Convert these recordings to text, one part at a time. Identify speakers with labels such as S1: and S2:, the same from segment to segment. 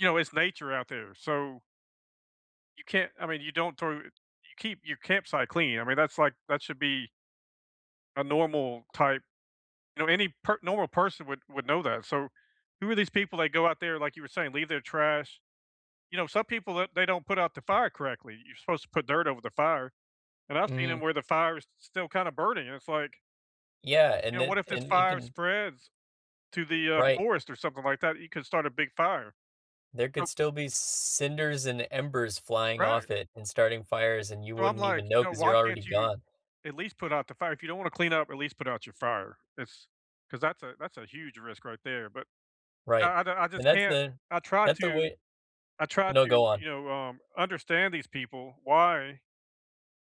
S1: You know, it's nature out there, so you can't, I mean, you don't throw you keep your campsite clean. I mean, that's, like, that should be a normal type, you know any per normal person would would know that, so, who are these people that go out there, like you were saying, leave their trash? You know, some people that they don't put out the fire correctly. You're supposed to put dirt over the fire, and I've seen 'em
S2: Mhm.
S1: where the fire is s still kinda burning, and it's, like
S2: Yeah,
S1: you
S2: and
S1: know, what
S2: then
S1: if this
S2: and you
S1: fire
S2: can
S1: spreads to the, uh,
S2: Right.
S1: forest or something like that? You could start a big fire.
S2: There
S1: Ho
S2: could still be cinders and embers flying
S1: Right.
S2: off it and starting fires, and you
S1: So I'm
S2: wouldn't
S1: like,
S2: even know
S1: you know,
S2: 'cause
S1: why
S2: you're
S1: can't
S2: already
S1: you
S2: gone.
S1: at least put out the fire? If you don't wanna clean up, at least put out your fire. It's 'cause that's a that's a huge risk right there, but
S2: Right,
S1: I I I
S2: and
S1: just
S2: that's
S1: can't
S2: the
S1: I try
S2: that's the
S1: to
S2: way
S1: I try
S2: No,
S1: to,
S2: go on.
S1: you know, um, understand these people. Why?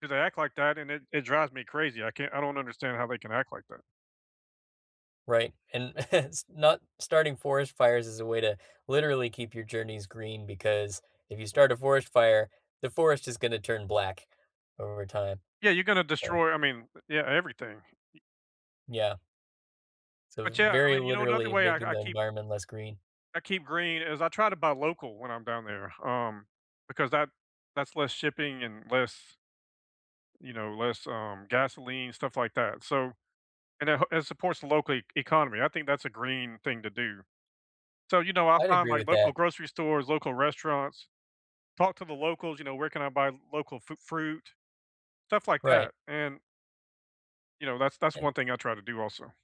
S1: 'Cause they act like that, and it it drives me crazy. I can't I don't understand how they can act like that.
S2: Right, and s not starting forest fires is a way to literally keep your journeys green because if you start a forest fire, the forest is gonna turn black over time.
S1: Yeah, you're gonna
S2: Yeah.
S1: destroy, I mean, yeah, everything. Y
S2: Yeah. So,
S1: But,
S2: it's
S1: yeah, I
S2: very
S1: mean, you know, another
S2: literally
S1: way I
S2: making
S1: I
S2: the
S1: keep
S2: environment less green.
S1: I keep green is I try to buy local when I'm down there, um, because that that's less shipping and less, you know, less, um, gasoline, stuff like that, so and it he it supports local e economy. I think that's a green thing to do, so, you know, I
S2: I'd
S1: find,
S2: agree
S1: like,
S2: with
S1: local
S2: that.
S1: grocery stores, local restaurants, talk to the locals, you know, where can I buy local fru fruit, stuff like
S2: Right.
S1: that, and you know, that's that's
S2: And
S1: one thing I try to do also.